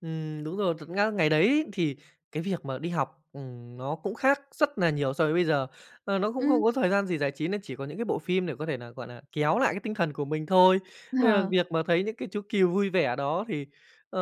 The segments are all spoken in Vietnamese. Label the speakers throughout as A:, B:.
A: Ừm, đúng rồi thật nga ngày đấy thì cái việc mà đi học, ừm, nó cũng khác rất là nhiều so với bây giờ. Ờ, nó cũng
B: Ừm.
A: không có thời gian gì giải trí nên chỉ có những cái bộ phim để có thể là, gọi là, kéo lại cái tinh thần của mình thôi. Nên là
B: Ờ.
A: việc mà thấy những cái chú cừu vui vẻ đó thì, ờ,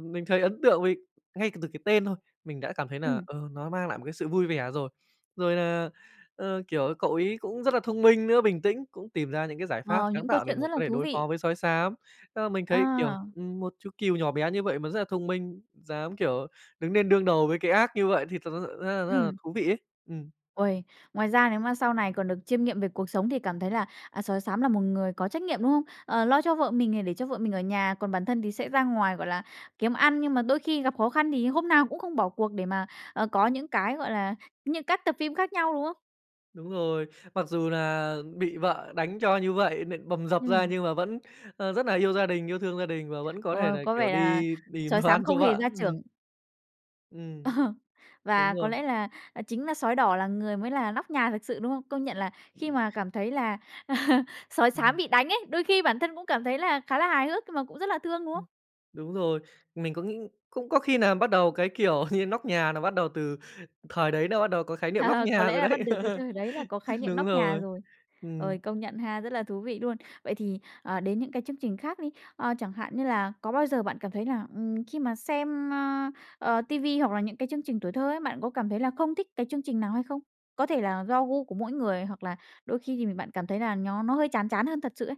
A: mình thấy ấn tượng, vì ngay cả từ cái tên thôi mình đã cảm thấy là,
B: Ừm.
A: ờ, nó mang lại một cái sự vui vẻ rồi. Rồi là, ờ, kiểu, cậu ấy cũng rất là thông minh nữa, bình tĩnh cũng tìm ra những cái giải pháp
B: Ờ,
A: sáng
B: những câu
A: tạo để
B: chuyện
A: mà
B: rất là
A: có thể
B: thú
A: đối
B: vị.
A: phó với sói xám. Thế là mình thấy, kiểu,
B: À.
A: ừm, một chú cừu nhỏ bé như vậy mà rất là thông minh, dám, kiểu, đứng lên đương đầu với cái ác như vậy thì thật ra rất là rất là
B: Ừm.
A: thú vị ấy. Ừm.
B: Uầy, ngoài ra nếu mà sau này còn được chiêm nghiệm về cuộc sống thì cảm thấy là, à, sói xám là một người có trách nhiệm, đúng không? Ờ, lo cho vợ mình này để cho vợ mình ở nhà, còn bản thân thì sẽ ra ngoài, gọi là, kiếm ăn, nhưng mà đôi khi gặp khó khăn thì hôm nào cũng không bỏ cuộc để mà, ờ, có những cái gọi là những các tập phim khác nhau, đúng không?
A: Đúng rồi. Mặc dù là bị vợ đánh cho như vậy, nện bầm dập ra
B: Ừm.
A: nhưng mà vẫn, ơ, rất là yêu gia đình, yêu thương gia đình và vẫn có thể
B: Ôi.
A: là,
B: Có
A: kiểu,
B: vẻ là
A: đi tìm
B: sói
A: đồ
B: xám
A: ăn
B: không
A: cho
B: hề
A: vợ,
B: gia
A: ừm.
B: trưởng. Ờ.
A: Ừm,
B: Và
A: đúng
B: có lẽ
A: rồi.
B: là chính là sói đỏ là người mới là nóc nhà thật sự, đúng không? Công nhận là khi mà cảm thấy là sói xám
A: Ừm.
B: bị đánh ấy, đôi khi bản thân cũng cảm thấy là khá là hài hước nhưng mà cũng rất là thương, đúng
A: Ừm.
B: không?
A: Đúng rồi. Mình cũng nghĩ cũng có khi nà bắt đầu cái, kiểu, như nóc nhà là bắt đầu từ thời đấy là bắt đầu có khái niệm nóc
B: Có
A: nhà
B: lẽ
A: rồi
B: là bắt
A: đấy.
B: được từ thời đấy là có khái niệm
A: Đúng
B: nóc nhà
A: rồi.
B: rồi. Ôi,
A: Ừm.
B: công nhận ha, rất là thú vị luôn. Vậy thì, ờ, đến những cái chương trình khác đi, ờ, chẳng hạn như là có bao giờ bạn cảm thấy là, ừm, khi mà xem, ơ, ờ, ti vi hoặc là những cái chương trình tuổi thơ ấy, bạn có cảm thấy là không thích cái chương trình nào hay không? Có thể là do gu của mỗi người, hoặc là đôi khi thì mình bạn cảm thấy là nó nó hơi chán chán hơn thật sự ấy.